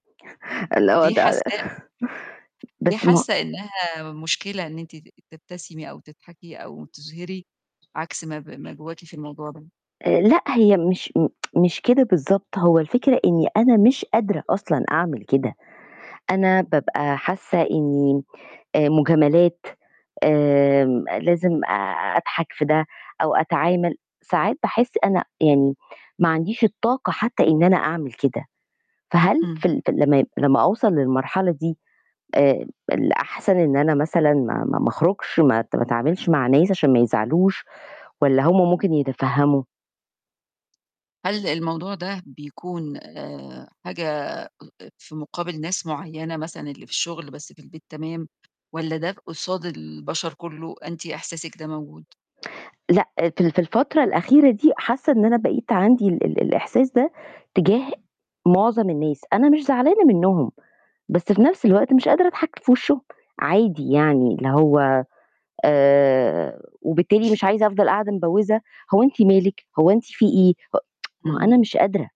ليه حسّاها [unintelligible] ليه .بس ما حاسة إنها مشكلة إن أنتِ ت تبتسمي أو تضحكي أو تُظهري عكس ما ب ما جواكِ في الموضوع ده؟ آآ، لأ هي مش م مش كده بالضبط، هو الفكرة إني أنا مش قادرة أصلًا أعمل كده، أنا بابقى حاسة إني آآ، مجاملات آمم، لازم أضحك في ده أو أتعامل، ساعات باحس أنا يعني ما عنديش الطاقة حتى إن أنا أعمل كده، فهل إمم. في ال في ال لمّا ي لمّا أوصَل للمرحلة دي آآ، الأحسن إن أنا مثلًا ما ما ما أخرُجش، ما ات ما اتعاملش مع ناس عشان ما يزعلوش، والّا هُم ممكن يتفهّموا؟ هل الموضوع ده بيكون آآ، حاجة أ أ في مقابل ناس معيّنة مثلًا اللي في الشغل بس في البيت تمام، والّا ده قصاد البشر كله أنتِ إحساسِك ده موجود؟ لأ في ال في الفترة الأخيرة دي حاسة إن أنا بقيت عندي ال ال الإحساس ده تجاه مُعظَم الناس، أنا مش زعلانة منهم، بس في نَفْس الوقت مش قادرة أضحك في وشهم، عادي يعني اللي هو آآ، وبالتالي مش عايزة أفضَل قاعدة مبوِّزة، "هو أنتِ مالِك، هو أنتِ فيه إيه؟ ه"، ما هو إمم. أنا مش قادرة.